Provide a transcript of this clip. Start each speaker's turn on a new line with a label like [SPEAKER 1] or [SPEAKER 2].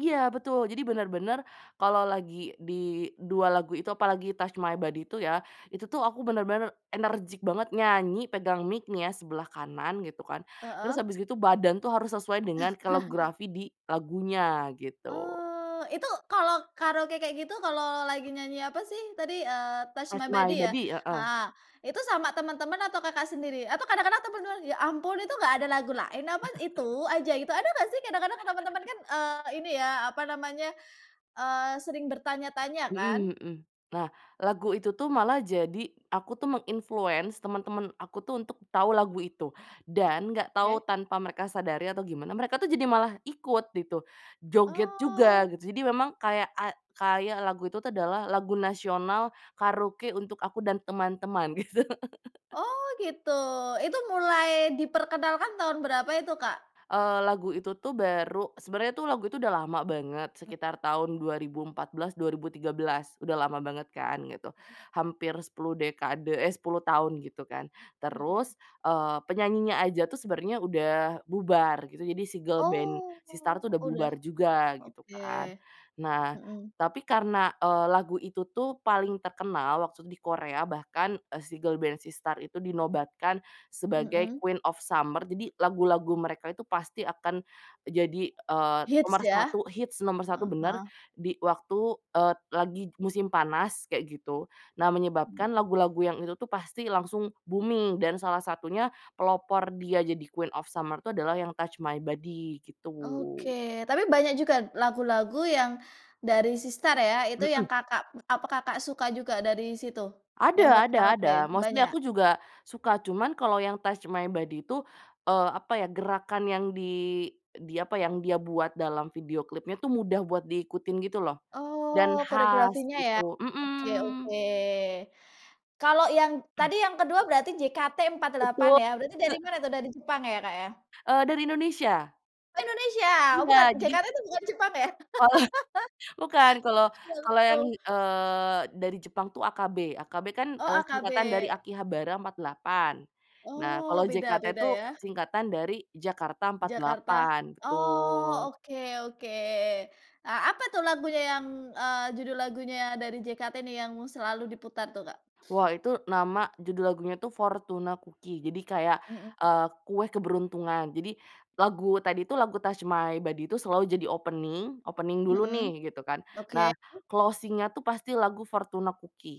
[SPEAKER 1] Iya betul. Jadi benar-benar kalau lagi di dua lagu itu apalagi Touch My Body itu ya. Itu tuh aku bener-bener energik banget nyanyi pegang mic nih ya sebelah kanan gitu kan, terus
[SPEAKER 2] Heeh.
[SPEAKER 1] habis gitu badan tuh harus sesuai dengan koreorafi di lagunya gitu.
[SPEAKER 2] Oh itu kalau karaoke kayak gitu kalau lagi nyanyi apa sih tadi, eee, Touch
[SPEAKER 1] Touch
[SPEAKER 2] My
[SPEAKER 1] my
[SPEAKER 2] Body ya?
[SPEAKER 1] body, heeh.
[SPEAKER 2] Heeh itu sama teman-teman atau Kakak sendiri atau kadang-kadang temen-temen, "Ya ampun itu enggak ada lagu lain apa itu aja," gitu. Ada enggak sih kadang-kadang teman-teman kan sering, eee, ini ya apa namanya, eee, sering bertanya-tanya kan.
[SPEAKER 1] Mhm mhm. Nah, lagu itu tuh malah jadi aku tuh meng-influence temen-temen aku tuh untuk tahu lagu itu dan enggak tahu
[SPEAKER 2] Oke.
[SPEAKER 1] tanpa mereka sadari atau gimana, mereka tuh jadi malah ikut gitu. Joget juga
[SPEAKER 2] Oh.
[SPEAKER 1] gitu. Jadi memang kayak ay kayak lagu itu tuh adalah lagu nasional karaoke untuk aku dan teman-teman gitu.
[SPEAKER 2] Oh gitu, itu mulai diperkenalkan tahun berapa itu, Kak?
[SPEAKER 1] Eee, lagu itu tuh baru. Sebenernya lagu itu udah lama banget,
[SPEAKER 2] He
[SPEAKER 1] sekitar tahun 2014, 2013. Udah lama banget kan, gitu.
[SPEAKER 2] Heeh.
[SPEAKER 1] Hampir 10, dekade, eh, 10 tahun gitu kan.
[SPEAKER 2] Heeh.
[SPEAKER 1] Terus, eee, penyanyinya aja tuh sebenernya udah bubar gitu. Jadi, si girl band
[SPEAKER 2] Oh
[SPEAKER 1] SISTAR itu udah
[SPEAKER 2] udah
[SPEAKER 1] bubar juga, gitu
[SPEAKER 2] oke,
[SPEAKER 1] kan. Nah,
[SPEAKER 2] mhm.
[SPEAKER 1] tapi karena, eee, lagu itu tuh paling terkenal waktu itu di Korea, bahkan si girl band SISTAR itu dinobatkan sebagai
[SPEAKER 2] Mhm.
[SPEAKER 1] Queen of Summer. Jadi, lagu-lagu mereka itu pasti akan jadi, eee,
[SPEAKER 2] Hits
[SPEAKER 1] nomor
[SPEAKER 2] ya?
[SPEAKER 1] 1 hits nomor 1.
[SPEAKER 2] Oh,
[SPEAKER 1] Benar
[SPEAKER 2] heeh.
[SPEAKER 1] di waktu lagi waktu musim panas gitu. Nah, menyebabkan
[SPEAKER 2] Mhm.
[SPEAKER 1] lagu-lagu yang itu tuh pasti langsung booming. Dan salah satunya pelopor mereka jadi Queen of Summer itu yang Touch My Body,
[SPEAKER 2] Oke,
[SPEAKER 1] gitu.
[SPEAKER 2] tapi banyak juga lagu-lagu yang dari SISTAR ya, itu yang
[SPEAKER 1] Hmm.
[SPEAKER 2] Kakak, apa, Kakak suka juga dari situ yang buat
[SPEAKER 1] Ada ada
[SPEAKER 2] karaoke,
[SPEAKER 1] ada. Mostly
[SPEAKER 2] banyak?
[SPEAKER 1] aku juga suka, cuman kalo yang Touch My Body itu, eee, apa ya, gerakan yang di di apa yang dia buat dalam video klipnya itu mudah buat diikutin gitu loh dan
[SPEAKER 2] Oh
[SPEAKER 1] khas
[SPEAKER 2] koreografinya ya.
[SPEAKER 1] gitu
[SPEAKER 2] Oke,
[SPEAKER 1] mhm.
[SPEAKER 2] oke. Kalau yang tadi yang kedua berarti JKT 48
[SPEAKER 1] Betul,
[SPEAKER 2] ya berarti dari mana
[SPEAKER 1] heeh.
[SPEAKER 2] tuh, dari Jepang ya, Kak, ya?
[SPEAKER 1] Eee, dari Indonesia.
[SPEAKER 2] Oh Indonesia? Bukan,
[SPEAKER 1] Iya, jadi
[SPEAKER 2] JKT itu bukan Jepang ya?
[SPEAKER 1] Kalau, bukan kalau
[SPEAKER 2] Betul
[SPEAKER 1] kalau
[SPEAKER 2] betul.
[SPEAKER 1] yang, eee, dari Jepang tuh AKB. AKB kan,
[SPEAKER 2] Oh,
[SPEAKER 1] eee, singkatan dari
[SPEAKER 2] AKB.
[SPEAKER 1] Akihabara 48. Nah, kalau
[SPEAKER 2] Oh beda
[SPEAKER 1] JKT
[SPEAKER 2] beda
[SPEAKER 1] tuh
[SPEAKER 2] ya?
[SPEAKER 1] singkatan dari Jakarta
[SPEAKER 2] Jakarta.
[SPEAKER 1] 48. Betul.
[SPEAKER 2] Oh oke, oke. Eee, apa tuh lagunya yang, eee, judul lagunya dari JKT ini yang selalu diputar tuh, Kak?
[SPEAKER 1] Wah, itu nama judul lagunya tuh, "Fortuna Cookie." Jadi kayak,
[SPEAKER 2] Mhm.
[SPEAKER 1] eee, kue keberuntungan. Jadi lagu tadi tuh lagu Touch My Body itu selalu jadi opening, opening dulu
[SPEAKER 2] Mhm,
[SPEAKER 1] nih gitu kan
[SPEAKER 2] oke.
[SPEAKER 1] nah closing-nya tuh pasti lagu Fortuna cookie.